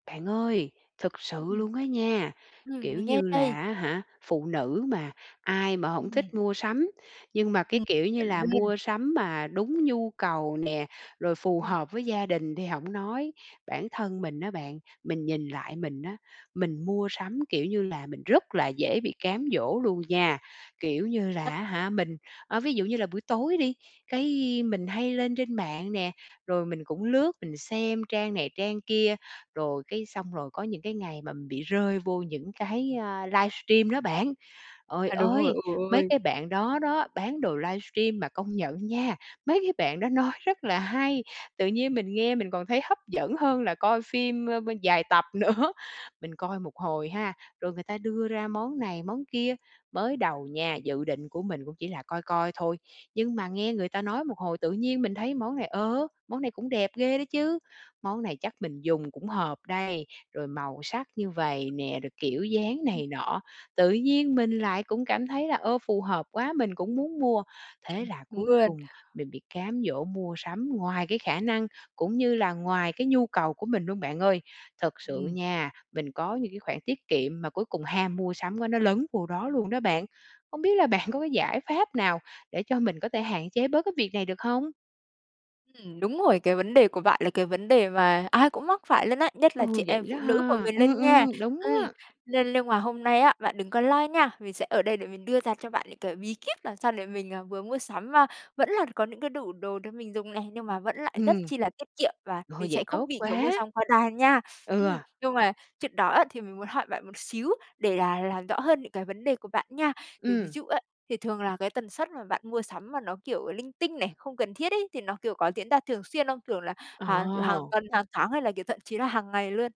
Bạn ơi, thực sự Ừm. luôn á nha, Ừm, kiểu mình nghe như đây. là á hả, phụ nữ mà, ai mà hổng Ừm. thích mua sắm. Nhưng mà cái Ừm, kiểu như chuẩn là luôn. mua sắm mà đúng nhu cầu nè, rồi phù Ừm. hợp với gia đình thì hổng nói. Bản thân mình á bạn, mình nhìn lại mình á, mình mua sắm, kiểu như là, mình rất là dễ bị cám dỗ luôn nha. Kiểu như [unintelligible] là á hả, mình ờ, ví dụ như là buổi tối đi, cái mình hay lên trên mạng nè, rồi mình cũng lướt mình xem trang này trang kia. Rồi cái xong rồi có những cái ngày mà bị rơi vô những cái, a, livestream đó bạn. Trời À, đúng rồi, ơi, ồ, mấy ôi. cái bạn đó đó, bán đồ livestream mà công nhận nha, mấy cái bạn đó nói rất là hay, tự nhiên mình nghe mình còn thấy hấp dẫn hơn là coi phim, ơ, bơ dài tập nữa. Mình coi một hồi ha, rồi người ta đưa ra món này món kia. Mới đầu nha, dự định của mình cũng chỉ là coi coi thôi, nhưng mà nghe người ta nói một hồi tự nhiên mình thấy món này, ờ, món này cũng đẹp ghê đó chứ, món này chắc mình dùng cũng hợp đây, rồi màu sắc như vầy nè, rồi kiểu dáng [unintelligible] này nọ. Tự nhiên mình lại cũng cảm thấy là, ơ, phù hợp quá, mình cũng muốn mua. Thế Ừm, là đúng cuối luôn. cùng mình bị cám dỗ mua sắm ngoài cái khả năng cũng như là ngoài cái nhu cầu của mình luôn bạn ơi. Thật sự Ừm. nha, mình có những cái khoản tiết kiệm mà cuối cùng ham mua sắm quá nó lấn vô đó luôn đó bạn. Hông biết là bạn có cái giải pháp nào để cho mình có thể hạn chế bớt cái việc này được hông? Ừm, đúng rồi, cái vấn đề của bạn là cái vấn đề mà ai cũng mắc phải luôn á, nhất là chị Ừ, vậy em đó phụ nữ bọn ha? mình Ừm, luôn nha. ừm, đúng Ừm, á. nên lưng mà hôm nay á, bạn đừng có lo nha, mình sẽ ở đây để mình đưa ra cho bạn những cái bí kíp làm sao để mình, ờ, vừa mua sắm mà vẫn là có những cái đủ đồ để mình dùng này, nhưng mà vẫn lại rất Ừm. chi là tiết kiệm và Ôi, mình vậy sẽ không tốt bị, kiểu, mua quá. sắm quá đà nha. Ừ. Ừm, nhưng mà chuyện đó á, thì mình muốn hỏi bạn một xíu để là làm rõ hơn những cái vấn đề của bạn nha. Thì ví Ừm. dụ á, thì thường là cái tần suất mà bạn mua sắm mà nó, kiểu, linh tinh này, không cần thiết ấy, thì nó, kiểu, có diễn ra thường xuyên không? Kiểu là hàng, kiểu, hàng Ồ. tuần, hàng tháng hay là kiểu thậm chí là hàng ngày luôn?